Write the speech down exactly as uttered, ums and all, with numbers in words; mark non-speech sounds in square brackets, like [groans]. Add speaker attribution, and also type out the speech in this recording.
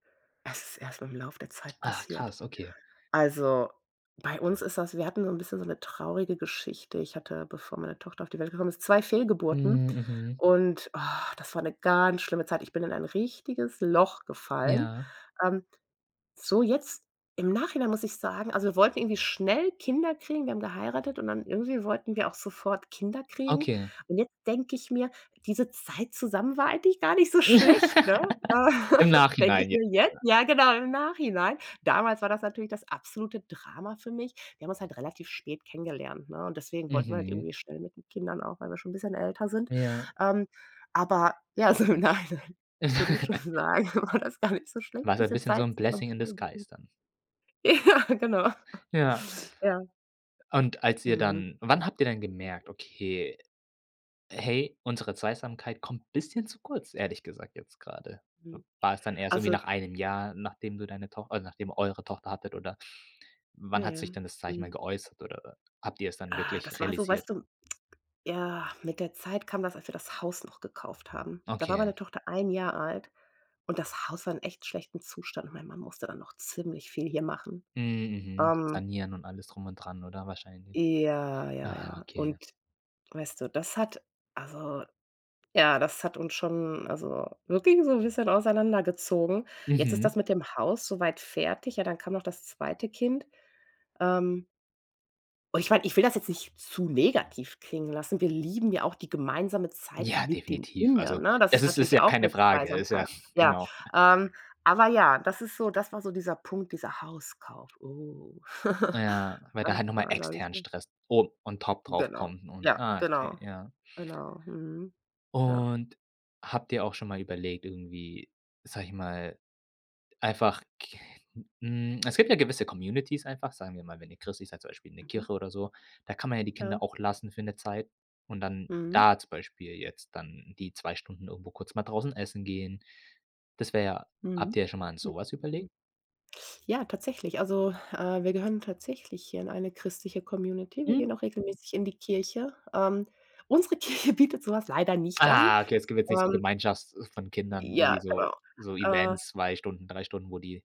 Speaker 1: Es ist erst mit dem Lauf der Zeit
Speaker 2: Ah,
Speaker 1: passiert.
Speaker 2: krass, okay.
Speaker 1: Also, bei uns ist das wir hatten so 'n bisschen so 'ne traurige Geschichte. Ich hatte, bevor meine Tochter auf die Welt gekommen ist, zwei Fehlgeburten
Speaker 2: Mhm, mhm.
Speaker 1: und [groans] das war 'ne ganz schlimme Zeit. Ich bin in ein richtiges Loch gefallen.
Speaker 2: Ja.
Speaker 1: Ähm, so jetzt im Nachhinein muss ich sagen: Also, wir wollten irgendwie schnell Kinder kriegen. Wir haben geheiratet und dann irgendwie wollten wir auch sofort Kinder kriegen.
Speaker 2: Okay.
Speaker 1: Und jetzt denk ich mir: „Diese Zeit zusammen war eigentlich gar nicht so schlecht“, ne?
Speaker 2: [laughs]
Speaker 1: Äh,
Speaker 2: Im
Speaker 1: [laughs] Denke
Speaker 2: Nachhinein
Speaker 1: ich
Speaker 2: jetzt,
Speaker 1: mir jetzt,
Speaker 2: oder?
Speaker 1: ja genau, im Nachhinein. Damals war das natürlich das absolute Drama für mich. Wir haben uns halt relativ spät kennengelernt, ne? Und deswegen wollten wir halt
Speaker 2: Mhm.
Speaker 1: irgendwie schnell mit den Kindern auch, weil wir schon 'n bisschen älter sind.
Speaker 2: Ja.
Speaker 1: Ähm, aber ja, so im Nachhinein, würde ich schon
Speaker 2: [laughs]
Speaker 1: sagen, war das gar nicht so schlecht,
Speaker 2: War so 'n
Speaker 1: bisschen
Speaker 2: bisschen so
Speaker 1: Zeit
Speaker 2: 'n
Speaker 1: zusammen
Speaker 2: blessing
Speaker 1: zu
Speaker 2: in the
Speaker 1: verbringen.
Speaker 2: skies, dann.
Speaker 1: Ja, genau.
Speaker 2: Ja.
Speaker 1: Ja.
Speaker 2: Und als ihr
Speaker 1: Mhm.
Speaker 2: dann Wann habt ihr denn gemerkt: „Okay, hey, unsere Zweisamkeit kommt bisschen zu kurz, ehrlich gesagt, jetzt grade?“
Speaker 1: Mhm.
Speaker 2: War es dann eher so irgendwie
Speaker 1: Also
Speaker 2: nach einem Jahr, nachdem du deine Toch oder nachdem eure Tochter hattet, oder wann hat sich
Speaker 1: [unintelligible]
Speaker 2: denn das Zeichen mal
Speaker 1: .Mhm.
Speaker 2: geäußert oder habt ihr es dann
Speaker 1: Ah. Das
Speaker 2: wirklich
Speaker 1: war so,
Speaker 2: realisiert?
Speaker 1: weißt du, ja, mit der Zeit kam das, als wir das Haus noch gekauft haben. Da war
Speaker 2: Okay.
Speaker 1: meine Tochter ein Jahr alt, und das Haus war in echt schlechten Zustand. Mein Mann musste dann noch ziemlich viel hier machen.
Speaker 2: Mhm. Mhm.
Speaker 1: Ähm
Speaker 2: Sanieren und alles drum und dran oder wahrscheinlich.
Speaker 1: Ja, ja,
Speaker 2: Aha,
Speaker 1: ja.
Speaker 2: okay.
Speaker 1: Und weißt du, das hat also, ja, das hat uns schon also wirklich so 'n bisschen auseinander gezogen. Jetzt ist
Speaker 2: Mhm.
Speaker 1: das mit dem Haus so weit fertig. Ja, dann kam noch das zweite Kind. Ähm und ich meine, ich will das jetzt nicht zu negativ klingen lassen. Wir lieben ja auch die gemeinsame Zeit
Speaker 2: Ja,
Speaker 1: mit den
Speaker 2: definitiv.
Speaker 1: Kindern,
Speaker 2: Also,
Speaker 1: ne? Das
Speaker 2: es
Speaker 1: ist
Speaker 2: ist ist
Speaker 1: natürlich
Speaker 2: ja
Speaker 1: auch
Speaker 2: keine
Speaker 1: 'ne
Speaker 2: Frage ist ja
Speaker 1: Zweisamkeit.
Speaker 2: [chuckles]
Speaker 1: Ja.
Speaker 2: Genau.
Speaker 1: Ähm, aber ja, das ist so das war so dieser Punkt, dieser Hauskauf. Oh!
Speaker 2: Na
Speaker 1: [chuckles]
Speaker 2: ja, weil
Speaker 1: Das
Speaker 2: da halt noch mal
Speaker 1: war, glaube ich
Speaker 2: externen
Speaker 1: so
Speaker 2: Stress oben on top drauf
Speaker 1: genau.
Speaker 2: kommt und
Speaker 1: Ja,
Speaker 2: ah, okay,
Speaker 1: genau.
Speaker 2: ja.
Speaker 1: Genau. Mhm. Ja.
Speaker 2: Und habt ihr auch schon mal überlegt irgendwie, sage ich mal, einfach k hm, es gibt ja gewisse Communitys einfach, sagen wir mal, wenn ihr christlich seid, zum Beispiel in der
Speaker 1: Mhm.
Speaker 2: Kirche oder so da kann man ja die Kinder
Speaker 1: Ja.
Speaker 2: auch lassen für 'ne Zeit und dann
Speaker 1: Mhm.
Speaker 2: da zum Beispiel jetzt dann die zwei Stunden irgendwo kurz mal draußen essen gehen. Das wäre ja Habt
Speaker 1: Mhm.
Speaker 2: ihr schon mal an
Speaker 1: Mhm,
Speaker 2: so was überlegt?
Speaker 1: mhm. Ja, tatsächlich, also, äh, wir gehören tatsächlich hier in eine christliche Community, wir
Speaker 2: Mhm.
Speaker 1: gehen auch regelmäßig in die Kirche. Ähm, unsere Kirche bietet so was leider nicht an.
Speaker 2: Ah. Okay, es gibt jetzt nichts wie
Speaker 1: Ähm
Speaker 2: Gemeinschafts von Kindern,
Speaker 1: Ja,
Speaker 2: irgendwie
Speaker 1: genau.
Speaker 2: so, so
Speaker 1: Äh
Speaker 2: Events, zwei Stunden, drei Stunden, wo die